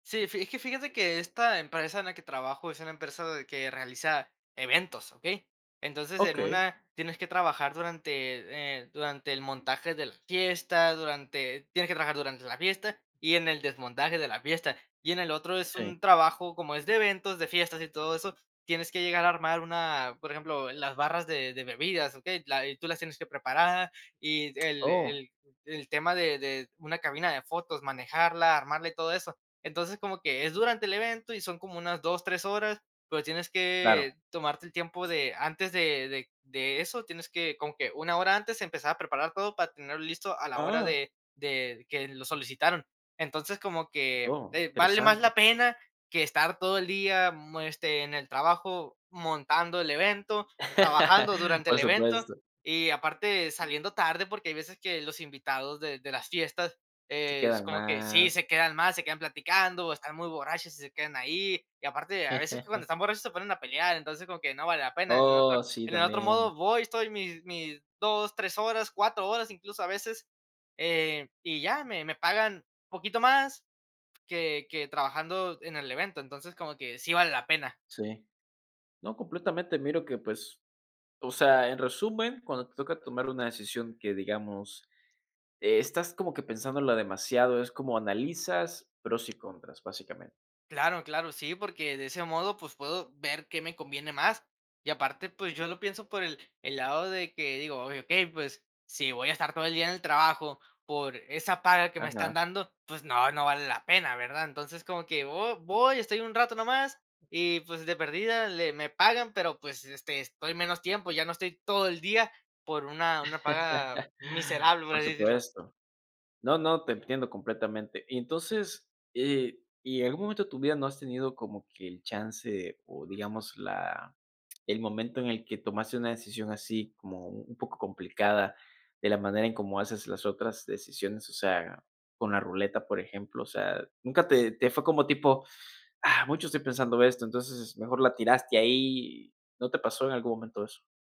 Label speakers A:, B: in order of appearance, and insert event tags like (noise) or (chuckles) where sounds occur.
A: Sí, fi es que fíjate que esta empresa en la que trabajo es una empresa de que realiza eventos, ¿okey? Entonces, en
B: Okey.
A: una tienes que trabajar durante, eh, durante el montaje de la fiesta, durante tienes que trabajar durante la fiesta y en el desmontaje de la fiesta. Y en el otro es un
B: Sí.
A: trabajo, como es de eventos, de fiestas y todo eso, tienes que llegar a armar una, por ejemplo, las barras de de bebidas, ¿okey? La eh, tú las tienes que preparar y el
B: Oh.
A: el el tema de de una cabina de fotos, manejarla, armarla y todo eso. Entonces, como que es durante el evento y son como unas 2, 3 horas, pero tienes
B: Claro.
A: que tomarte el tiempo de antes de de de eso, tienes que como que una hora antes empezar a preparar todo para tenerlo listo a la hora
B: Ah.
A: de de que lo solicitaron. Entonces, como que,
B: Oh,
A: eh, vale más
B: interesante.
A: la pena que estar todo el día, mm, este, en el trabajo montando el evento, trabajando
B: (laughs)
A: durante el
B: Por
A: evento,
B: supuesto.
A: y aparte saliendo tarde, porque hay veces que los invitados de de las fiestas,
B: Se
A: eh, es
B: quedan
A: como que sí,
B: más.
A: se quedan más, se quedan platicando o están muy borrachos y se quedan ahí. Y aparte, a veces que cuando
B: (chuckles)
A: están borrachos se ponen a pelear, entonces como que no vale la pena. En el otro
B: Oh, sí,
A: en el otro
B: también.
A: modo voy, estoy mis mis 2, 3 horas, 4 horas, incluso a veces, eh, y ya me me pagan poquito más que que trabajando en el evento. Entonces, como que sí vale la pena.
B: Sí. No, completamente miro que, pues, o sea, en resumen, cuando te toca tomar una decisión que, digamos, estás como que pensándola demasiado, es como analizas pros y contras básicamente.
A: Claro, claro, sí, porque de ese modo, pues, puedo ver qué me conviene más. Y aparte, pues, yo lo pienso por el el lado de que digo: "Okey, pues, si voy a estar todo el día en el trabajo por esa paga que me están
B: Ajá.
A: dando, pues, no, no vale la pena", ¿verdad? Entonces como que vo voy, estoy un rato nomás y, pues, de perdida le me pagan, pero, pues, este, estoy menos tiempo, ya no estoy todo el día por una una paga
B: (chuckles)
A: miserable, por
B: Por
A: así decirlo.
B: supuesto. No, no, te entiendo completamente. Y entonces, eh, ¿y en algún momento de tu vida no has tenido como que el chance, o, digamos la el momento en el que tomaste una decisión así como un poco complicada de la manera en cómo haces las otras decisiones? O sea, con la ruleta, por ejemplo, o sea, nunca te te fue como tipo, ah, mucho estoy pensando esto, entonces mejor la tiraste ahí. ¿No te pasó en algún momento eso?